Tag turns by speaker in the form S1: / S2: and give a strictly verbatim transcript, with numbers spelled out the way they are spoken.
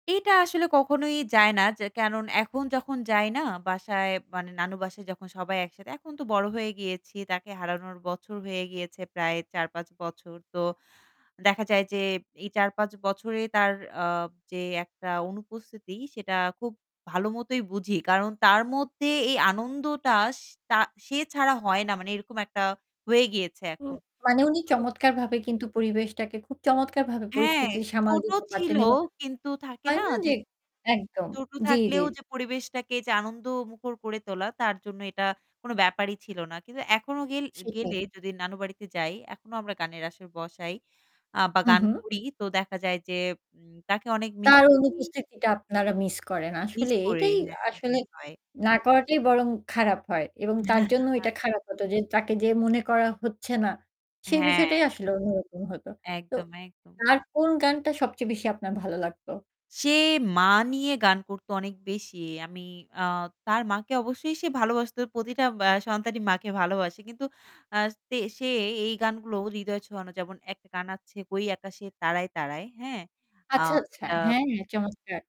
S1: এইটা আসলে কখনোই যায় না যে কেনন এখন যখন যায় না বাসায় মানে নানু বাসায় যখন সবাই একসাথে, এখন তো বড় হয়ে গিয়েছি তাকে হারানোর বছর হয়ে গিয়েছে প্রায় চার-পাঁচ বছর। তো দেখা যায় যে এই চার-পাঁচ বছরে তার আ যে একটা অনুপস্থিতি সেটা খুব ভালোমতোই বুঝি কারণ তার মধ্যে এই আনন্দটা স তা সে ছাড়া হয় না মানে এরকম একটা হয়ে গিয়েছে
S2: উম
S1: এখন।
S2: মানে উনি
S1: তো
S2: চমৎকার ভাবে কিন্তু পরিবেশটাকে খুব চমৎকার ভাবে
S1: হ্যাঁ,
S2: পরিস্থিতি সামাল
S1: ছোট
S2: দিতে
S1: ছিল
S2: পারতেন এবং
S1: কিন্তু থাকে
S2: হয়
S1: না
S2: না যে
S1: যে
S2: একদম
S1: ছোট
S2: জি, জি।
S1: থাকলেও যে পরিবেশটাকে যে আনন্দ মুখর করে তোলা তার জন্য এটা কোন ব্যাপারই ছিল না। কিন্তু এখনো গেল
S2: সেটাই।
S1: গেলে যদি নানু বাড়িতে যাই এখনো আমরা গানের আশর বসাই আ বা
S2: হুম,
S1: গান
S2: হুম।
S1: করি তো দেখা যায় যে উম তাকে অনেক মিস
S2: তার
S1: করি।
S2: অনুপস্থিতিটা আপনারা মিস করেন।
S1: মিস
S2: আসলে
S1: করে
S2: এটাই
S1: হ্যাঁ,
S2: আসলে
S1: এমনি হয়।
S2: না করাটাই বরং খারাপ হয় এবং তার জন্য
S1: হা
S2: ওইটা
S1: জি।
S2: খারাপ হত যে তাকে যে মনে করা হচ্ছে না সেই
S1: হ্যাঁ।
S2: বিষয়টাই আসলে অন্যরকম হত। তো
S1: একদম, একদম।
S2: তার কোন গানটা সবচেয়ে বেশি আপনার ভালো লাগত?
S1: সে মা নিয়ে গান করত অনেক বেশি। আমি আ তার মাকে অবশ্যই সে ভালবাসত। প্রতিটা ব্যা সন্তানই মাকে ভালোবাসে। কিন্তু আ তে সে এ এই গানগুলো হৃদয় ছোঁয়ানো যেমন একটা গান আছে হই আকাশে তারায়, তারায়' হ্যাঁ, আ
S2: আচ্ছা, আচ্ছা।
S1: যেটা
S2: হ্যাঁ, হ্যাঁ চমৎকার।